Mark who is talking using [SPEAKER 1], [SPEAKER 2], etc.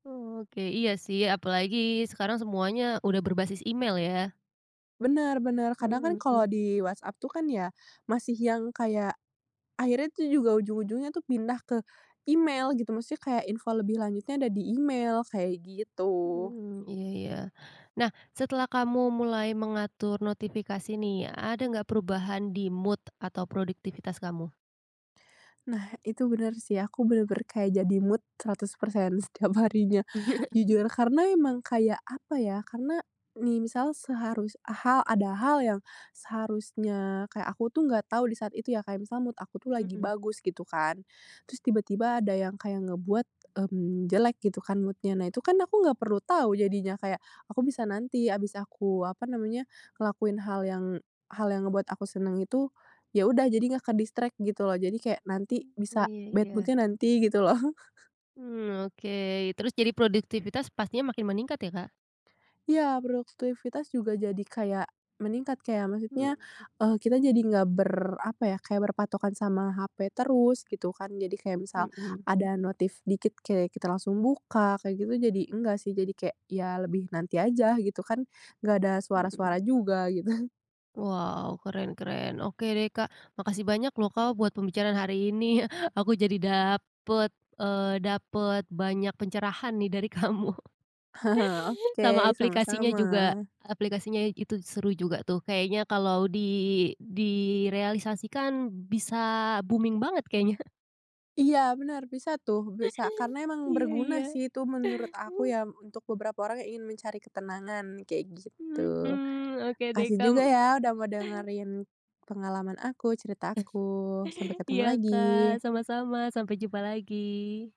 [SPEAKER 1] Oke, iya sih, apalagi sekarang semuanya udah berbasis email, ya.
[SPEAKER 2] Bener bener, kadang kan,
[SPEAKER 1] Mmm, mhm.
[SPEAKER 2] kalau di WhatsApp tuh, kan ya, masih yang kayak, akhirnya tuh juga ujung-ujungnya tuh pindah ke email gitu, maksudnya kayak, info lebih lanjutnya ada di email, kayak gitu.
[SPEAKER 1] Mmm, mhm, iya, ya. Nah, setelah kamu mulai mengatur notifikasi, nih, ada nggak, perubahan di mood atau produktivitas kamu?
[SPEAKER 2] Nah, itu bener sih, aku bener-bener kayak jadi mood 100% setiap harinya. Jujur, karena emang kayak apa ya, karena, nih misal seharus ha ada hal yang seharusnya kayak aku tuh, nggak tahu di saat itu ya, kayak misal mood aku tuh lagi
[SPEAKER 1] Mhm.
[SPEAKER 2] bagus gitu kan, terus tiba-tiba ada yang kayak ngebuat, mmm, jelek gitu, kan, mood-nya. Nah, itu kan, aku nggak perlu tahu jadinya, kayak aku bisa nanti, abis aku, apa namanya, ngelakuin hal yang hal yang ngebuat aku seneng itu, ya udah jadi nggak ke-distract gitu loh, jadi kayak nanti
[SPEAKER 1] Mmm,
[SPEAKER 2] bisa,
[SPEAKER 1] iya
[SPEAKER 2] bad
[SPEAKER 1] iya.
[SPEAKER 2] mood-nya nanti gitu, loh.
[SPEAKER 1] Mmm, oke, terus jadi produktivitas pastinya makin meningkat ya, Kak.
[SPEAKER 2] Iya produktivitas juga jadi kayak meningkat, kayak, maksudnya,
[SPEAKER 1] Mhm.
[SPEAKER 2] eee, kita jadi nggak ber apa ya, kayak berpatokan sama HP terus gitu, kan. Jadi kayak, misal
[SPEAKER 1] Mhm.
[SPEAKER 2] ada notif dikit, kayak kita langsung buka, kayak gitu, jadi enggak sih, jadi kek, ya lebih nanti aja gitu, kan, enggak ada suara-suara
[SPEAKER 1] Mhm.
[SPEAKER 2] juga gitu.
[SPEAKER 1] Wow, keren keren, oke, deh, Kak. Makasih banyak loh, Kak, buat pembicaraan hari ini, aku jadi dapet, eee, dapet banyak pencerahan nih, dari kamu. Sama
[SPEAKER 2] Oke,
[SPEAKER 1] aplikasinya juga,
[SPEAKER 2] sama-sama.
[SPEAKER 1] aplikasinya itu, seru juga, tuh. Kayaknya kalau di direalisasikan bisa booming banget kayaknya.
[SPEAKER 2] Iya, benar, bisa tuh, bisa karena emang
[SPEAKER 1] Iya
[SPEAKER 2] berguna
[SPEAKER 1] iya.
[SPEAKER 2] sih, itu menurut aku ya, untuk beberapa orang yang ingin mencari ketenangan, kayak
[SPEAKER 1] Mmm,
[SPEAKER 2] gitu.
[SPEAKER 1] hmm, oke deh,
[SPEAKER 2] Makasih
[SPEAKER 1] kam
[SPEAKER 2] juga ya, udah mau dengerin pengalaman aku, cerita aku, sampai ketemu
[SPEAKER 1] Iya, Kak,
[SPEAKER 2] lagi.
[SPEAKER 1] sama-sama, sampai jumpa lagi.